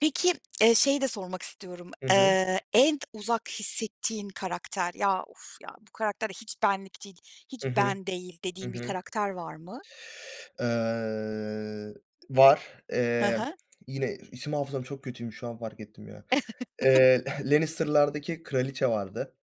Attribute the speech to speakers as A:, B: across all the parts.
A: Peki, eee, şeyi de sormak istiyorum.
B: Hı hı.
A: Eee, en uzak hissettiğin karakter "ya uf ya bu karakter de hiç benlik değil, hiç
B: Hı hı.
A: ben değil"
B: Hı
A: dediğin bir
B: hı.
A: karakter var mı?
B: Iıı, var.
A: Hı
B: Eee, var,
A: hı.
B: yine isim hafızam çok kötüymüş. Şu an fark ettim ya. Eee, Lannister'lardaki kraliçe vardı.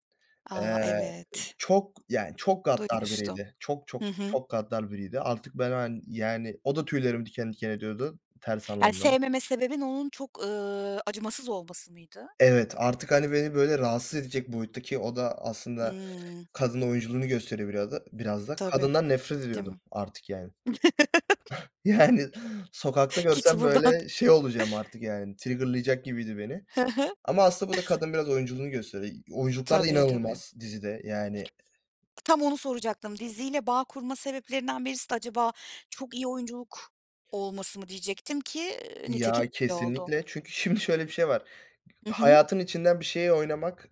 A: A,
B: Eee,
A: evet.
B: çok, yani çok gaddar
A: Duymuştum.
B: biriydi. Çok, çok,
A: Hı hı.
B: çok gaddar biriydi artık, ben, hani, yani o da tüylerimi diken diken ediyordu. Ters
A: Yani,
B: [unintelligible]
A: sevmeme sebebin onun çok, ııı, acımasız olması mıydı?
B: Evet artık, hani, beni böyle rahatsız edecek boyuttaki o da aslında
A: Hıı.
B: kadın oyunculuğunu gösteriyor biraz da, biraz da.
A: Tabii,
B: Kadından nefret
A: değil
B: ediyordum
A: mi?
B: artık yani. Yani sokakta
A: Git
B: görsem
A: buradan.
B: böyle şey olacağım artık yani, trigger'layacak gibiydi beni.
A: Hı hı.
B: Ama aslında burada kadın biraz oyunculuğunu gösteriyor. İ oyunculuklar
A: Tabii, tabii.
B: inanılmaz dizide yani.
A: Tam onu soracaktım. Diziyle bağ kurma sebeplerinden birisi de acaba çok iyi oyunculuk olması mı diyecektim ki, iii, nitekim
B: Ya
A: öyle oldu.
B: kesinlikle çünkü şimdi şöyle bir şey var,
A: Hı hı.
B: hayatın içinden bir şeyi oynamak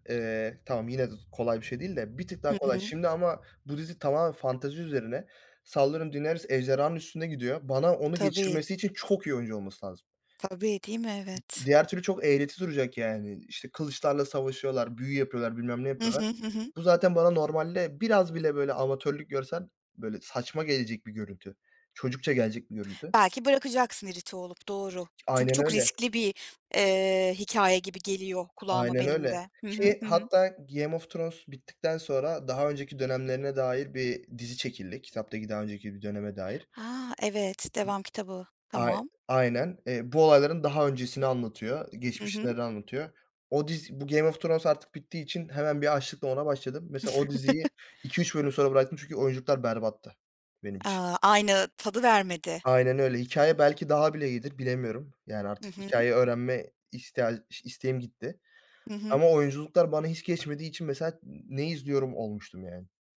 B: tamam yine kolay bir şey değil de, bir tık
A: Hı
B: daha kolay
A: hı.
B: şimdi ama bu dizi tamamen fantezi üzerine sallıyorum; Daenerys ejderhanın üstüne gidiyor. Bana onu
A: Tabii.
B: geçirmesi için çok iyi oyuncu olması lazım.
A: Tabii, değil mi?
B: M
A: Evet.
B: diğer türlü çok eğreti duracak yani, işte kılıçlarla savaşıyorlar, büyü yapıyorlar, bilmem ne
A: Hı
B: yapıyorlar.
A: hı. Hı hı.
B: Bu zaten bana normalde biraz bile böyle amatörlük görsen böyle saçma gelecek bir görüntü, çocukça gelecek bir görüntü.
A: Belki bırakacaksın irite olup, doğru. Çünkü
B: Aynen
A: çok
B: öyle.
A: riskli bir, eee, hikâye gibi geliyor kulağıma
B: Aynen
A: benim
B: öyle
A: de. Hı hı,
B: ki,
A: hı hı.
B: hatta Game of Thrones bittikten sonra daha önceki dönemlerine dair bir dizi çekildi. Kitaptaki daha önceki bir döneme dair.
A: A! Evet devam kitabı.
B: Ay
A: Tamam.
B: aynen bu olayların daha öncesini anlatıyor.
A: Hı hı.
B: Geçmişleri anlatıyor. O diz bu Game of Thrones artık bittiği için hemen bir açlıkla ona başladım. Mesela o diziyi 2-3 bölüm sonra bıraktım. Çünkü oyuncular berbattı benim için.
A: A! Aynı tadı vermedi.
B: Aynen öyle hikâye belki daha bile iyidir bilemiyorum. Yani
A: Hı
B: artık
A: hı.
B: hikâye öğrenme isteğ isteğim gitti
A: Hı hı.
B: ama oyunculuklar bana hiç geçmediği için mesela n ne izliyorum olmuştum yani.